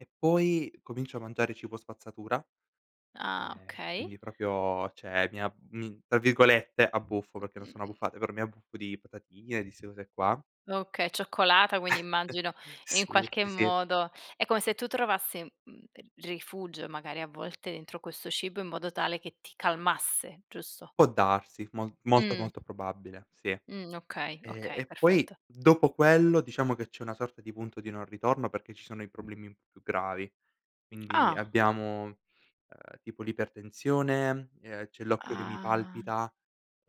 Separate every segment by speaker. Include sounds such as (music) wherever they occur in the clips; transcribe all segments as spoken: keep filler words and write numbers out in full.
Speaker 1: E poi comincio a mangiare cibo spazzatura,
Speaker 2: Ah.
Speaker 1: ehm,
Speaker 2: Okay.
Speaker 1: quindi propio ceh mi ab mi tra virgolette, "abbuffo", perché non sono abbuffate, però mi abbuffo di patatine, di ste cose qua.
Speaker 2: Okay, cioccolata quindi
Speaker 1: (chuckles)
Speaker 2: immagino in
Speaker 1: Sì,
Speaker 2: qualche
Speaker 1: ì, sì.
Speaker 2: modo, è come se tu trovassi, mhmm, ehm, rifugio magari a volte entro questo cibo in modo tale che ti calmasse, giusto?
Speaker 1: Può darsi, mol molto,
Speaker 2: Mh.
Speaker 1: molto probabile, sì.
Speaker 2: Mh. Okay,
Speaker 1: Ehm,
Speaker 2: okay,
Speaker 1: e poi
Speaker 2: perfetto.
Speaker 1: dopo quello diciamo che c'è una sorta di punto di non ritorno perché ci sono i problemi un po' più gravi. Quindi
Speaker 2: Ah.
Speaker 1: abbiamo, ehm, tipo l'ipertensione, ehm, c'è l'occhio che mi
Speaker 2: Ah.
Speaker 1: palpita,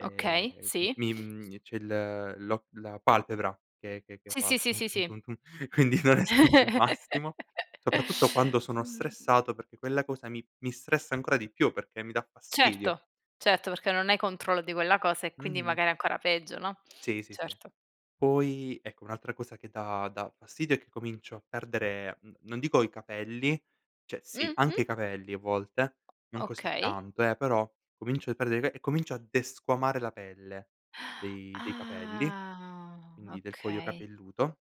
Speaker 2: Okay,
Speaker 1: m
Speaker 2: sì.
Speaker 1: mi, mhmm e c'è il l'occ la palpebra che che che
Speaker 2: Sì, sì,
Speaker 1: fa,
Speaker 2: sì,
Speaker 1: tum
Speaker 2: sì,
Speaker 1: tum
Speaker 2: sì.
Speaker 1: tum tum, quindi non è stato il massimo, soprattutto quando sono
Speaker 2: (chuckles)
Speaker 1: stressato, perché quella cosa mi mi stressa ancora di più, perché mi dà fastidio.
Speaker 2: Certo, certo, perché non hai controllo di quella cosa e quindi
Speaker 1: Mh-mh.
Speaker 2: magari ancora peggio, no.
Speaker 1: Sì, sì, sì.
Speaker 2: Certo.
Speaker 1: Poi, ecco, un'altra cosa che dà dà fastidio è che comincio a perdere, mhmm, non dico i capelli, ceh sì
Speaker 2: Mh-mh.
Speaker 1: anche i capelli a volte,
Speaker 2: O
Speaker 1: non
Speaker 2: o
Speaker 1: così
Speaker 2: okay.
Speaker 1: tanto, eh, però comincio a perdere i cape e comincio a desquamare la pelle
Speaker 2: (gasps)
Speaker 1: dei dei capelli,
Speaker 2: Ah.
Speaker 1: quindi del cuoio
Speaker 2: Okay.
Speaker 1: capelluto.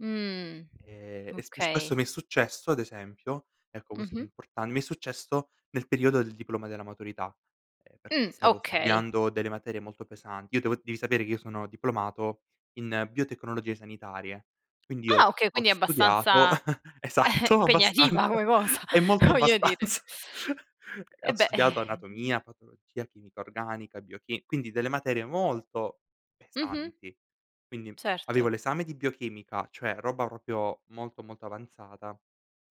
Speaker 2: Mh.
Speaker 1: Ehm, e sp e s questo
Speaker 2: Okay.
Speaker 1: mi è successo ad esempio, ecco questo è
Speaker 2: Mh-mh.
Speaker 1: importan mi è successo nel periodo del diploma della maturità, ehm, perché
Speaker 2: Mh.
Speaker 1: stavo
Speaker 2: Okay.
Speaker 1: studiando delle materie molto pesanti. Io devo devi sapere che io sono diplomato in biotecnologie sanitarie, quindi
Speaker 2: Ah,
Speaker 1: io
Speaker 2: okay
Speaker 1: ho
Speaker 2: quindi è
Speaker 1: studiato,
Speaker 2: abbastanza
Speaker 1: (chuckles)
Speaker 2: (chuckles)
Speaker 1: esatto,
Speaker 2: impegnativa
Speaker 1: abbastanza,
Speaker 2: come cosa,
Speaker 1: è molto
Speaker 2: voglio dire.
Speaker 1: abbastanza. (chuckles) E
Speaker 2: Eh,
Speaker 1: ho
Speaker 2: beh.
Speaker 1: studiato
Speaker 2: (exhales)
Speaker 1: anatomia, patologia, chimica organica, biochi quindi delle materie molto
Speaker 2: Mh-mh.
Speaker 1: pesanti. Quindi avevo
Speaker 2: Certo.
Speaker 1: l'esame di biochimica, cioè roba propio molto molto avanzata,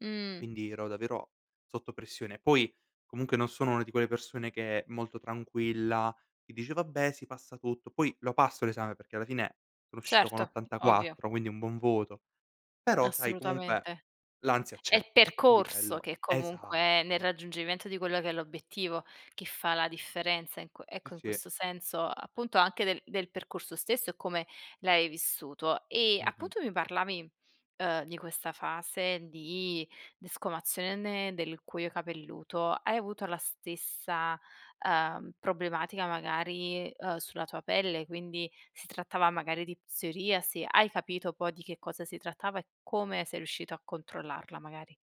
Speaker 2: Mh.
Speaker 1: quindi ero davvero sotto pressione. Poi comunque non sono una di quelle persone che è molto tranquilla, che dice: "Vabbè sì, passa tutto." Poi lo passo l'esame perché alla fine sono uscito con
Speaker 2: Certo, ovvio.
Speaker 1: ottantaquattro, quindi un buon voto; però sai comunque
Speaker 2: Assolutamente.
Speaker 1: l'ansia
Speaker 2: È
Speaker 1: c'è
Speaker 2: il
Speaker 1: e quindi
Speaker 2: percorso
Speaker 1: quello
Speaker 2: che
Speaker 1: esatto.
Speaker 2: comunque, nel raggiungimento di quello che è l'obiettivo che fa la differenza in qu
Speaker 1: Sì,
Speaker 2: ecco in
Speaker 1: sì.
Speaker 2: questo senso, appunto anche del del percorso stesso e come l'hai vissuto. E
Speaker 1: Mh-mh.
Speaker 2: appunto mi parlavi, uhm, di questa fase di desquamazione del cuoio capelluto. Hai avuto la stessa, uhm, problematica magari, uhm, sulla tua pelle, quindi si trattava magari di psoriasi, hai capito poi di che cosa si trattava e come sei riuscito a controllarla magari?